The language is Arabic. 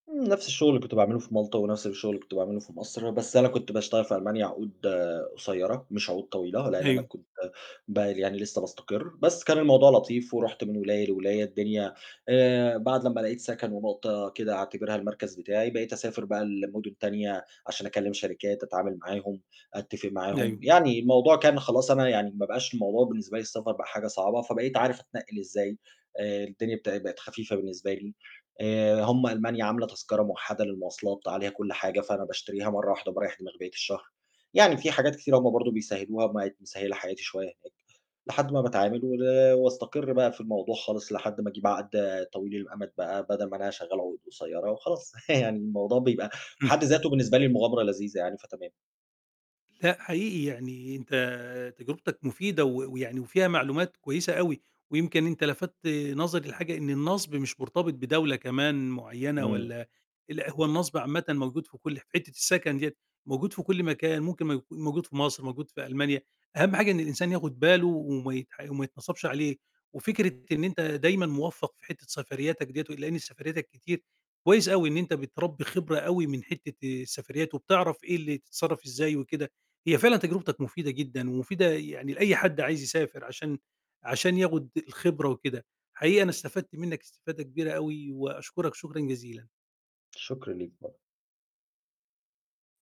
نَفْس الشغل اللي كنت باعمله في مالطا، ونَفْس الشغل اللي كنت باعمله في مصر، بس أنا كنت باشتغل في ألمانيا عقود قصيّرة مش عقود طويلة، لإن أنا أيوه. كنت [unintelligible] يعني لسه باستقِرّ، بس كان الموضوع لطيف، ورُحت من ولاية لولاية الدنيا آآ، بعد لمّا لقيت سَكَن ونقطة كده أعتبرها المركز بتاعي، بقيت أسافر بقى لمدن تانية، عشان أكلم شركات أتعامل معاهم، أتفق معاهم، أيوه. يعني الموضوع كان خلاص أنا يعني ما بقاش الموضوع بالنسبة لي السفر بقى حاجة صعبة، فبقيت عارف أتنقِّل إزاي آآ، الدنيا بتا بقِت خفيفة بالنسبة لي آآ، هم ألمانيا عاملة تذكرة موَحَدَة للمواصلات عليها كُلّ حاجة، فأنا باشتريها مرّه واحدة وباريّح دماغي بقيّة الشهر. يعني في حاجات كتيرة هم برضه بيسهّلوها بقِت مسهّلة حياتي شوية هناك، لحد ما باتعامل ول واستقر بقى في الموضوع خالص، لحد ما أجيب عقد طويل الأمد بقى بَدَل ما أنا شغال عقود قصيّرة وخلاص يعني الموضوع بيبقى في امم. حد ذاته بالنسبة لي مغامرة لذيذة يعني، فتمام. لأ، حقيقي يعني أنت تجربتك مفيدة و ويعني وفيها معلومات كويسة أوي، ويمكن أنت لفتت نظري لحاجة إن النَصْب مش مرتبط بدولة كمان معيّنة، إمم. والَّا لأ هو النَصْب عامةً موجود في كُلّ في حتة السكن ديَّة موجود في كُلّ مكان ممكن مو موجود في مصر موجود في ألمانيا، أهم حاجة إن الإنسان ياخد باله وما يتح وما يتنَصَبش عليه، وفكرة إن أنت دايمًا موفّق في حتة سفرياتك دِيّة لإن سفرياتك كتير، كويس أوي إن أنت بتربّي خبرة أوي من حتة السفريات، وبتعرف إيه اللي تتصرّف إزاي وكده، هي فعلًا تجربتك مفيدة جدًا، ومفيدة يعني لأي حد عايز يسافر عشان عشان ياخد الخبرة وكده، حقيقي أنا استفدت منك استفادة كبيرة أوي، وأشكرك شكرًا جزيلا. الشُكر ليك [unintelligible]